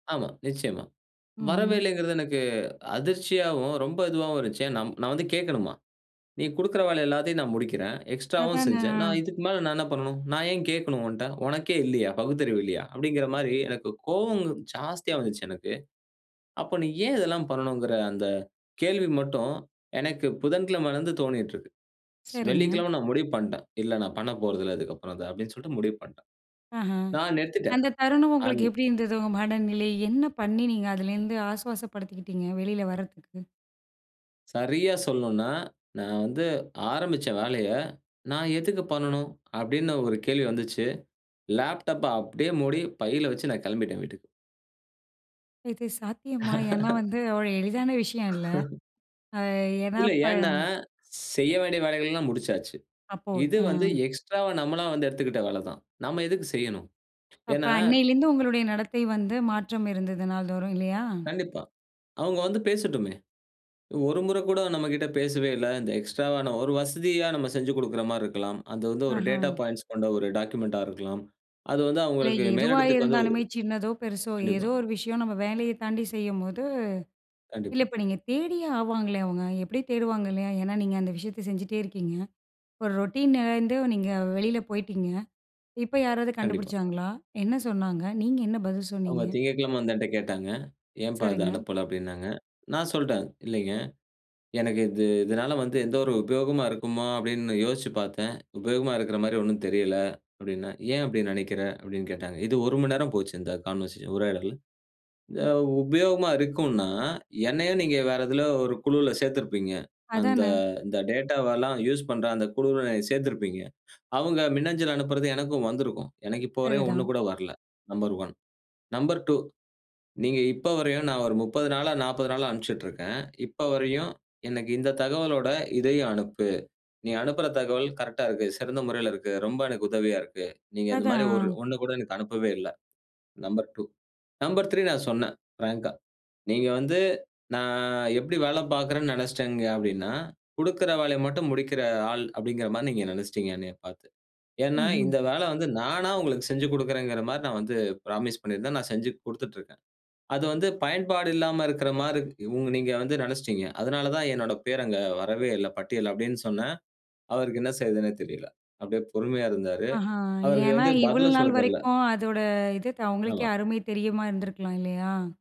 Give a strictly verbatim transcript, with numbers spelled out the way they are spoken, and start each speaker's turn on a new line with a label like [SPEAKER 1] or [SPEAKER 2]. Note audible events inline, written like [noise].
[SPEAKER 1] ஆமா. நிச்சயமா.
[SPEAKER 2] ம்ஹ்ம்.
[SPEAKER 1] வரவேயில்லங்கிறது எனக்கு அதிர்ச்சியாவும், ரொம்ப இதுவாவும் இருந்துச்சு. ஏ நா நான் வந்து கேட்கணுமா. "நீ குடுக்கற வேலை எல்லாத்தையும் நான் முடிக்கிறேன். எக்ஸ்ட்ராவும்
[SPEAKER 2] அதானே!
[SPEAKER 1] செஞ்சேன். நான்
[SPEAKER 2] ஆ.
[SPEAKER 1] இதுக்கு மேல நான் என்ன பண்ணனும்? நான் ஏன் கேட்கணும் உன்ட்ட? உனக்கே இல்லையா? பகுத்தறிவு இல்லையா?" அப்படிங்கிற மாரி எனக்கு கோவம்ங்க ஜாஸ்தியா வந்துச்சு எனக்கு. அப்போ நீ ஏன் இதெல்லாம் பண்ணணுங்கிற அந்த கேள்வி மட்டும், எனக்கு புதன்கிழமையிலிருந்து தோணீட்டு இருக்கு.
[SPEAKER 2] சரிங்க.
[SPEAKER 1] வெள்ளிக்கிழமை நான் முடிவு பண்ணிட்டேன். "இல்ல நான் பண்ணப்போறதில்ல இதுக்கு அப்புறம் அத." அப்படின்னு சொல்ட்டு முடிவு பண்ட்டேன்.
[SPEAKER 2] ஆஹா,
[SPEAKER 1] நான் நிறுத்திட்டேன்.
[SPEAKER 2] அந்த தருணம்
[SPEAKER 1] அன்
[SPEAKER 2] உங்களுக்கு எப்படி இருந்தது? உங்க மனநிலை. என்ன பண்ணி நீங்க அதிலேருந்து ஆசுவாசப்படுத்திகிட்டீங்க? வெளில வர்றத்துக்கு.
[SPEAKER 1] சரியா சொல்லணுனா, நான் வந்து ஆரம்பிச்ச வேலைய, "நான் எதுக்கு பண்ணனும்?" அப்படின்னு ஒரு கேள்வி வந்துச்சு. லேப்டாப்ப அப்படியே மூடி பையில வச்சு, நான் கெளம்பிட்டேன் வீட்டுக்கு.
[SPEAKER 2] இது சாத்தியமா? ஏன்னா,
[SPEAKER 1] [laughs]
[SPEAKER 2] வந்து அவ்ளோ எளிதான விஷயம் இல்ல.
[SPEAKER 1] [laughs]
[SPEAKER 2] அ ஏன்னா,
[SPEAKER 1] இல்ல.
[SPEAKER 2] இப்போ
[SPEAKER 1] ஏன்னா, செய்ய வேண்டிய வேலைகள்லாம் முடிச்சாச்சு.
[SPEAKER 2] அப்போ
[SPEAKER 1] இது வந்து
[SPEAKER 2] ம்.
[SPEAKER 1] எக்ஸ்ட்ராவா நம்மளா வந்து எடுத்துக்கிட்ட வேல தான். நம்ம எதுக்கு செய்யணும்?
[SPEAKER 2] அப்ப
[SPEAKER 1] ஏன்னா
[SPEAKER 2] அன்னையிலேருந்து உங்களுடைய நடத்தை வந்து, மாற்றம் இருந்தது நாள்தோறும், இல்லையா?
[SPEAKER 1] கண்டிப்பா. அவங்க வந்து பேசட்டுமே. ஒரு முறை கூட நம்மகிட்ட பேசவே இல்ல. இந்த எக்ஸ்ட்ராவா, ஒரு வசதியா நம்ம செஞ்சு கொடுக்கிற மாரி இருக்கலாம். அது வந்து ஒரு டேட்டா
[SPEAKER 2] ஆஹ.
[SPEAKER 1] பாயிண்ட்ஸ் கொண்ட ஒரு டாக்குமெண்ட்டா இருக்கலாம். அது வந்து
[SPEAKER 2] இல்ல,
[SPEAKER 1] அவங்களுக்கு
[SPEAKER 2] எதுவா
[SPEAKER 1] மேலிடத்துக்கு வந்து
[SPEAKER 2] இருந்தாலுமே சின்னதோ! பெருசோ!
[SPEAKER 1] கண்டிப்பா.
[SPEAKER 2] ஏதோ ஒரு விஷயம் நம்ம வேலையை தாண்டி செய்யும்போது இல்ல,
[SPEAKER 1] கண்டிப்பா.
[SPEAKER 2] இப்போ நீங்க தேடியே ஆவாங்களே அவங்க. எப்படி தேடுவாங்க இல்லையா? ஏன்னா, நீங்க அந்த விஷயத்தை செஞ்சுட்டே இருக்கீங்க. ஒரு ரொட்டீன்லருந்து நீங்க வெளியில போய்ட்டீங்க. இப்போ யாராவது
[SPEAKER 1] கண்டிப்பா.
[SPEAKER 2] கண்டுபிடிச்சாங்களா? என்ன சொன்னாங்க? நீங்க என்ன பதில்
[SPEAKER 1] அவங்க
[SPEAKER 2] சொன்னீங்க?
[SPEAKER 1] திங்கட்கிழமை வந்து என்ட்ட கேட்டாங்க. "ஏம்ப்பா, அத
[SPEAKER 2] சரிங்க.
[SPEAKER 1] அனுப்பல?" அப்படின்னாங்க. நான் சொல்ட்டேன். இல்லைங்க. எனக்கு இது இதனால வந்து எந்த ஒரு உபயோகமா இருக்குமா? அப்படின்னு யோசிச்சு பாத்தேன். உபயோகமா இருக்கற மாரி ஒண்ணும் தெரில, அப்படின்னேன். ஏன் அப்படி நெனைக்கிற? அப்படின்னு கேட்டாங்க. இது ஒரு மணி நேரம் போச்சு, இந்த கான்வர்சேஷன் உரையாடல். அ உபயோகமா இருக்குன்னா, என்னையும் நீங்க வேற எதில ஒரு குழுவுல சேத்திருப்பீங்க. அந்த
[SPEAKER 2] அதானே!
[SPEAKER 1] இந்த டேட்டாவ எல்லாம் யூசு பண்ற அந்த குழுவில சேர்த்திருப்பீங்க. அவங்க மின்னஞ்சல் அனுப்புறது எனக்கும் வந்திருக்கும். எனக்கு இப்போ வரைக்கும் ஒண்ணு
[SPEAKER 2] சரிதான்.
[SPEAKER 1] கூட வரல. Number one. நம்பர் டூ நீங்க இப்போ வரையும் நான் ஒரு முப்பது நாளா நாப்பது நாளா அனுப்ச்சிட்டு இருக்கேன். இப்ப வரையும், எனக்கு இந்த தகவலோட இதையும் அனுப்பு. நீ அனுப்புற தகவல் கரெக்ட்டா இருக்கு. சிறந்த முறையில இருக்கு. ரொம்ப எனக்கு உதவியா இருக்கு. நீங்க இந்த மாதிரி
[SPEAKER 2] அதான்.
[SPEAKER 1] ஒரு
[SPEAKER 2] ஆ.
[SPEAKER 1] ஒண்ணு கூட எனக்கு அனுப்பவே இல்ல. நம்பர் 2. நம்பர் த்ரீ நான் சொன்னேன். பிராங்க்கா, நீங்க வந்து, நான் எப்டி வேலை பாக்கறேன்னு நெனச்சுட்டீங்க அப்படின்னா, "கொடுக்கிற வேலைய மட்டும் முடிக்கிற ஆள்" அப்படிங்கிற மாரி நீங்க நெனச்சுட்டீங்க, என்னையப் பாத்து. ஏன்னா,
[SPEAKER 2] ம்ஹ்ம்.
[SPEAKER 1] இந்த வேல வந்து நானா உங்களுக்கு செஞ்சு கொடுக்கிறேன்ங்கிற மாரி நான் வந்து புராமிஸ் பண்ணியிருந்தேன். நான் செஞ்சு குடுத்துட்டு இருக்கேன். அது வந்து பயன்பாடு இல்லாம இருக்கற மாரி உங் நீங்க வந்து நெனச்சுட்டீங்க. அதனால தான் என்னோட பேர் அங்க வரவேயில்ல பட்டியல்ல அப்படின்னு சொன்னேன். அவருக்கு என்ன செய்யறதுன்னே தெரியல. அப்படியே பொறுமையா இருந்தாரு.
[SPEAKER 2] ஆஹா,
[SPEAKER 1] அவருக்கு
[SPEAKER 2] ஏன்னா
[SPEAKER 1] வந்து
[SPEAKER 2] இவ்ளோ
[SPEAKER 1] பதிலே
[SPEAKER 2] நாள்
[SPEAKER 1] சொல்லத் தெரில.
[SPEAKER 2] வரைக்கும் அதோட இது, அவங்களுக்கே
[SPEAKER 1] ஆமா.
[SPEAKER 2] அருமை தெரியுமா இருந்துருக்கலாம், இல்லையா?